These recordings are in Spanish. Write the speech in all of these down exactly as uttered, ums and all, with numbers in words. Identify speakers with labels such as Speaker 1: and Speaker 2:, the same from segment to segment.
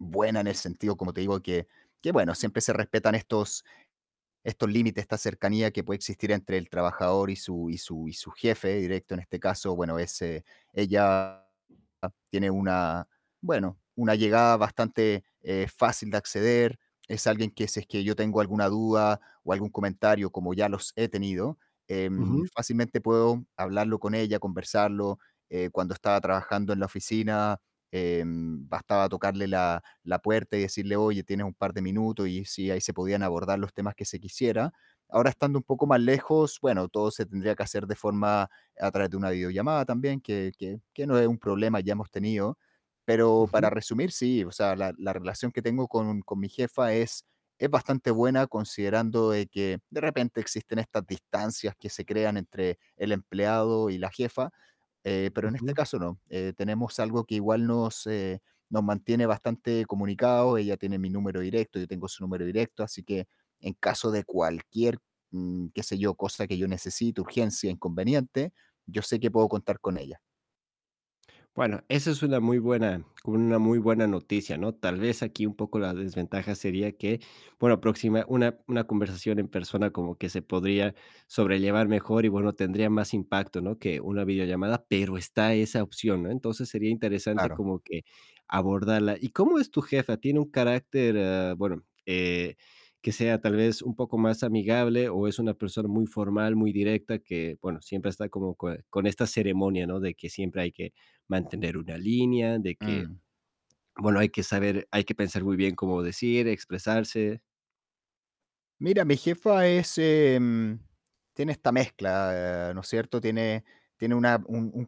Speaker 1: Buena en el sentido, como te digo, que que bueno, siempre se respetan estos estos límites, esta cercanía que puede existir entre el trabajador y su y su y su jefe directo, en este caso, bueno, ese ella tiene una, bueno, una llegada bastante, eh, fácil de acceder. Es alguien que si es que yo tengo alguna duda o algún comentario, como ya los he tenido, em,
Speaker 2: Ujú.
Speaker 1: fácilmente puedo hablarlo con ella, conversarlo. Eh, cuando estaba trabajando en la oficina, em, bastaba tocarle la la puerta y decirle: "Oye, ¿tienes un par de minutos?". Y si ahí se podían abordar los temas que se quisiera. Ahora, estando un poco más lejos, bueno, todo se tendría que hacer de forma a través de una videollamada también, que que que no es un problema, ya hemos tenido. Pero
Speaker 2: Ujú.
Speaker 1: para resumir, sí, o sea, la la relación que tengo con con mi jefa es es bastante buena considerando de que de repente existen estas distancias que se crean entre el empleado y la jefa, eh, pero en este
Speaker 2: Ujú.
Speaker 1: caso no. Eh, tenemos algo que igual nos, eh, nos mantiene bastante comunicados. Ella tiene mi número directo, yo tengo su número directo, así que en caso de cualquier, mm, qué sé yo, cosa que yo necesite, urgencia, inconveniente, yo sé que puedo contar con ella.
Speaker 2: Bueno, esa es una muy buena una muy buena noticia, ¿no? Tal vez aquí un poco la desventaja sería que, bueno, próxima una una conversación en persona como que se podría sobrellevar mejor y bueno, tendría más impacto, ¿no?, que una videollamada, pero está esa opción, ¿no? Entonces, sería interesante
Speaker 1: Claro.
Speaker 2: como que abordarla. Y ¿cómo es tu jefa? ¿Tiene un carácter, eh, bueno, eh, que sea tal vez un poco más amigable o es una persona muy formal, muy directa, que, bueno, siempre está como co con esta ceremonia, ¿no?, de que siempre hay que mantener una línea, de que,
Speaker 1: Mm.
Speaker 2: bueno, hay que saber hay que pensar muy bien cómo decir, expresarse?
Speaker 1: Mira, mi jefa es, em tiene esta mezcla, ¿no es cierto? Tiene tiene una un un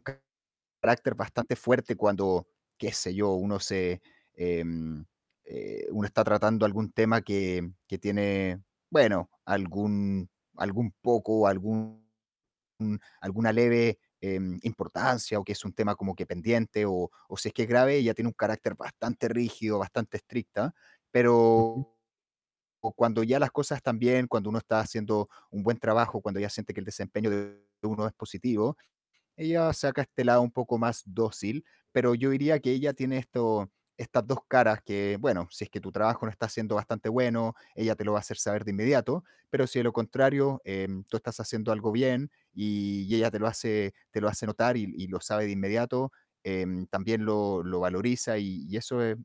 Speaker 1: carácter bastante fuerte cuando, qué sé yo, uno se, em, eh, uno está tratando algún tema que que tiene, bueno, algún algún poco, algún alguna leve, em, importancia o que es un tema como que pendiente o o si es que es grave, ella tiene un carácter bastante rígido, bastante estricta, pero
Speaker 2: Ujú.
Speaker 1: cuando ya las cosas están bien, cuando uno está haciendo un buen trabajo, cuando ella siente que el desempeño de uno es positivo, ella saca este lado un poco más dócil, pero yo diría que ella tiene esto estas dos caras que, bueno, si es que tu trabajo no está siendo bastante bueno, ella te lo va a hacer saber de inmediato, pero si es lo contrario, em, tú estás haciendo algo bien, y ella te lo hace te lo hace notar y y lo sabe de inmediato, em, también lo lo valoriza y y eso es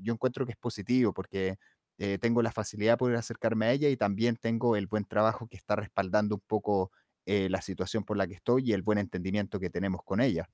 Speaker 1: yo encuentro que es positivo porque, eh, tengo la facilidad de poder acercarme a ella y también tengo el buen trabajo que está respaldando un poco, eh, la situación por la que estoy, y el buen entendimiento que tenemos con ella.